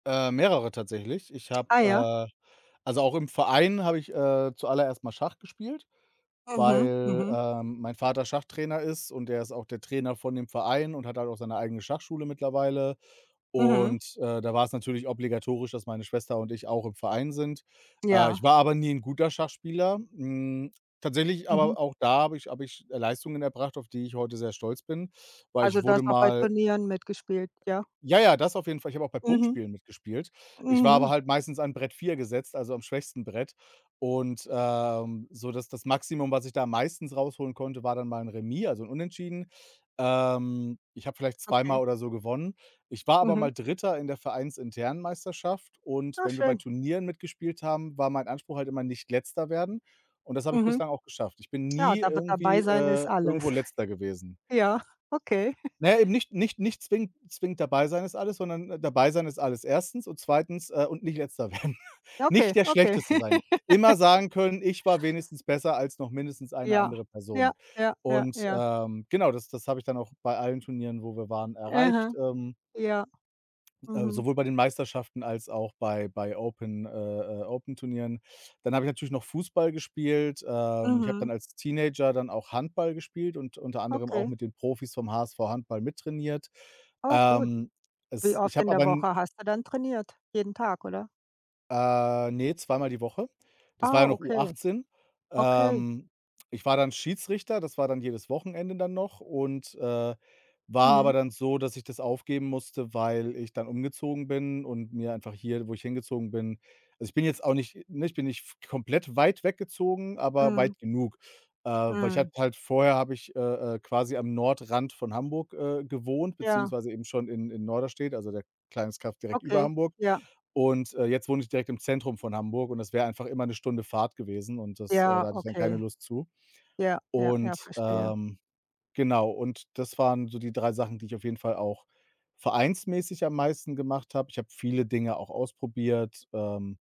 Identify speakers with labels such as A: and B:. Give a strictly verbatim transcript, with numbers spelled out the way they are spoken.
A: Äh, mehrere tatsächlich. Ich habe
B: Ah, ja.
A: äh, also auch im Verein habe ich, äh, zuallererst mal Schach gespielt,
B: Mhm,
A: weil,
B: mhm.
A: äh, mein Vater Schachtrainer ist und der ist auch der Trainer von dem Verein und hat halt auch seine eigene Schachschule mittlerweile.
B: Mhm.
A: Und, äh, da war's natürlich obligatorisch, dass meine Schwester und ich auch im Verein sind. Äh,
B: Ja.
A: ich war aber nie 'n guter Schachspieler. Hm, tatsächlich
B: Mhm.
A: aber auch da habe ich habe ich Leistungen erbracht, auf die ich heute sehr stolz bin, weil ich
B: Also, du
A: wurde
B: hast auch bei
A: mal
B: Turnieren mitgespielt, ja?
A: Ja, ja, das auf jeden Fall. Ich habe auch bei
B: Mhm.
A: Punktspielen mitgespielt. Ich war aber
B: Mhm.
A: halt meistens an Brett vier gesetzt, also am schwächsten Brett. Und, ähm, so, dass das Maximum, was ich da meistens rausholen konnte, war dann mal 'n Remis, also 'n Unentschieden. Ähm, ich habe vielleicht zweimal
B: Okay.
A: oder so gewonnen. Ich war aber
B: Mhm.
A: mal Dritter in der Vereinsinternen Meisterschaft und
B: Oh,
A: wenn wir bei
B: schön.
A: Turnieren mitgespielt haben, war mein Anspruch halt immer: „Nicht Letzter werden“. Und das habe ich
B: Mhm.
A: bislang auch geschafft. Ich bin
B: Ja,
A: nie
B: dab dabei
A: irgendwie
B: sein ist
A: äh,
B: alles.
A: irgendwo Letzter gewesen.
B: Ja, okay.
A: Ne, eben nicht nicht nicht zwingend zwingend „dabei sein ist alles“, sondern „dabei sein ist alles erstens“ und zweitens, äh, und nicht Letzter werden.
B: Okay,
A: Nicht der
B: okay.
A: Schlechteste sein. Immer sagen können, ich war wenigstens besser als noch mindestens eine
B: Ja,
A: andere
B: ja,
A: Person.
B: ja, ja,
A: Und,
B: ja.
A: ähm, genau, das das habe ich dann auch bei allen Turnieren, wo wir waren,
B: Mhm,
A: erreicht. Ähm
B: ja.
A: äh,
B: Mhm.
A: sowohl bei den Meisterschaften als auch bei bei Open äh, äh, Open-Turnieren. Dann habe ich natürlich noch Fußball gespielt, äh, ich habe dann
B: Mhm.
A: als Teenager dann auch Handball gespielt und unter anderem auch
B: Okay.
A: mit den Profis vom HSV Handball mittrainiert.
B: Oh gut.
A: Ähm,
B: Wie
A: es ich
B: oft in
A: habe aber
B: der
A: n
B: Woche hast du dann trainiert? Jeden Tag, oder?
A: Äh, ne, zweimal die Woche. Das war
B: Ah,
A: ja noch
B: okay.
A: U18.
B: Okay.
A: Ähm, ich war dann Schiedsrichter, das war dann jedes Wochenende dann noch und, äh, war
B: Mhm.
A: aber dann so, dass ich das aufgeben musste, weil ich dann umgezogen bin und mir einfach hier, wo ich hingezogen bin Also, ich bin jetzt auch nicht ne, ich bin nicht f komplett weit weggezogen, aber
B: Mhm.
A: weit genug. Äh, weil ich habe
B: Mhm.
A: halt vorher habe ich, äh, äh, quasi am Nordrand von Hamburg, äh, gewohnt,
B: Ja.
A: beziehungsweise eben schon in in Norderstedt, also der kleines Kaff direkt über
B: Okay,
A: Hamburg.
B: ja.
A: Und, äh, jetzt wohne ich direkt im Zentrum von Hamburg und das wäre einfach immer 'ne Stunde Fahrt gewesen und das äh,
B: Ja,
A: da hatte ich dann keine
B: okay.
A: Lust zu.
B: Ja, ja, ja,
A: Und,
B: verstehe.
A: ähm, genau und das waren so die drei Sachen, die ich auf jeden Fall auch vereinsmäßig am meisten gemacht habe. Ich habe viele Dinge auch ausprobiert. Ähm